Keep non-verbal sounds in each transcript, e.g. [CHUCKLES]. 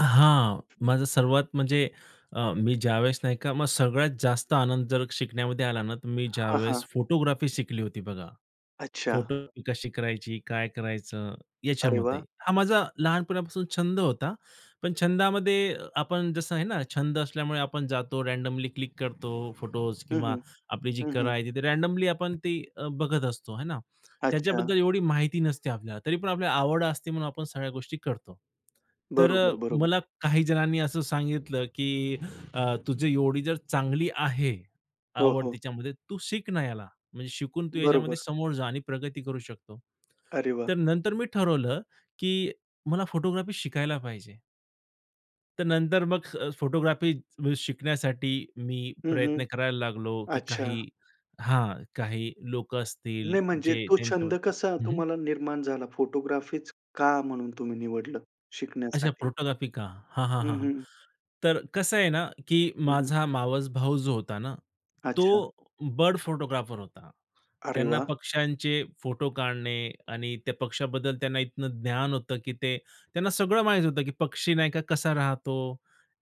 हां, माझा सर्वात म्हणजे अ, मी ज्यावेळेस नाही का मग सगळ्यात जास्त आनंद जर शिकण्यामध्ये आला ना, तर मी हां, ज्यावेळेस हां. फोटोग्राफी शिकली होती बघा. अच्छा. फोटो कशी करायची, काय करायचं अरे याच्यामध्ये. वाह! हा माझा लहानपणापासून छंद होता. पण छंदामध्ये आपण जसं आहे ना, छंद असल्यामुळे आपण जातो, रँडमली क्लिक करतो फोटोस हं, किंवा हं. आपली जी हं, कला हं. आहे ती रँडमली आपण ती बघत असतो हे ना? अच्छा. त्याच्याबद्दल एवढी माहिती नसते आपल्याला. तरी पण आपल्याला आवड असते म्हणून आपण सगळ्या गोष्टी करतो. तर अ, बरोबर, बरोबर. मला काही जणांनी असं सांगितलं की अ, तुझी एवढी जर चांगली आहे हो, आवड हो. तिच्यामध्ये, तू शिक ना याला. म्हणजे शिकून तू याच्यामध्ये बरोबर. समोर जा आणि प्रगती करू शकतो. अरे वाह! तर नंतर मी ठरवलं की मला फोटोग्राफी शिकायला पाहिजे. तर नंतर मग अ, फोटोग्राफी म्हणजे शिकण्यासाठी मी हं, प्रयत्न हं. करायला लागलो की अच्छा. काही हां, काही लोकं असतील नाही म्हणजे जे तो त्यांच्या छंद कसा हं, हं. तुम्हाला निर्माण झाला? फोटोग्राफीच का म्हणून तुम्ही निवडलं अच्छा. शिकण्यासाठी? फोटोग्राफी का? हां, हां, हं, हां. हं. तर कसं आहे ना की हं, हं. माझा मावस भाऊ जो होता ना तो अच्छा. बर्ड फोटोग्राफर होता. अरे त्यांना वाह! पक्ष्यांचे फोटो काढणे आणि त्या पक्षाबद्दल त्यांना इतकं ज्ञान होतं की ते त्यांना सगळं माहीत होतं. की पक्षी नाही का कसा राहतो.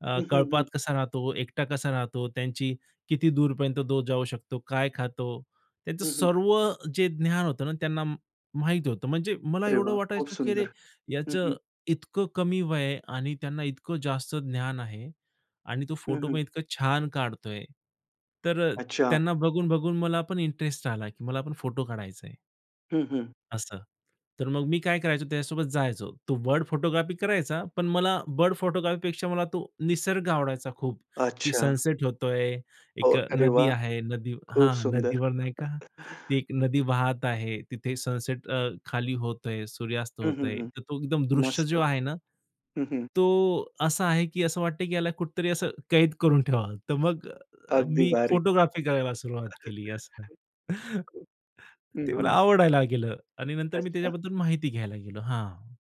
अ, हं, हं, कळपात हं. कसा राहतो. एकटा कसा राहतो. त्यांची किती दूरपर्यंत तो जाऊ शकतो, काय खातो? त्याचं हं, हं. सर्व जे ज्ञान होतं ना त्यांना माहीत होतं. म्हणजे मला अरे एवढं वाह! खूप वाटायचं की अरे, सुंदर. हं, हं. याचं इतकं कमी वय आहे आणि त्यांना इतकं जास्त ज्ञान आहे आणि तो हं, फोटो हं. पण इतकं छान काढतोय, तर अ, अच्छा. त्यांना बघून-बघून मला पण इंटरेस्ट आला की मला पण फोटो काढायचा आहे. हं, हं. असं. तर मग मी काय करायचो? त्याच्यासोबत जायचो. तो बर्ड फोटोग्राफी करायचा. पण मला बर्ड फोटोग्राफीपेक्षा मला तो निसर्ग आवडायचा खूप. की अच्छा. सनसेट होतोय, हो, एक अ, अरे नदी वाह! आहे. नदी खूप हां, सुंदर. नदीवर नाही का, ती एक नदी [CHUCKLES] वाहत आहे. तिथे सनसेट अ, खाली होतोय, सूर्यास्त हं, हं, होतोय. हं. तर तो एकदम दृश्य मस्त. जो आहे ना, हं, हं. तो असा आहे की असं वाटतं की ह्याला कुठेतरी असं कैद करून ठेवावं. तर मग अगदी मी भारी. फोटोग्राफी करायला सुरुवात केली असं. [CHUCKLES] हं, ते मला हं. आवडायला लागलं आणि नंतर मी अच्छा. त्याच्याबद्दल माहिती घ्यायला गेलो. हां.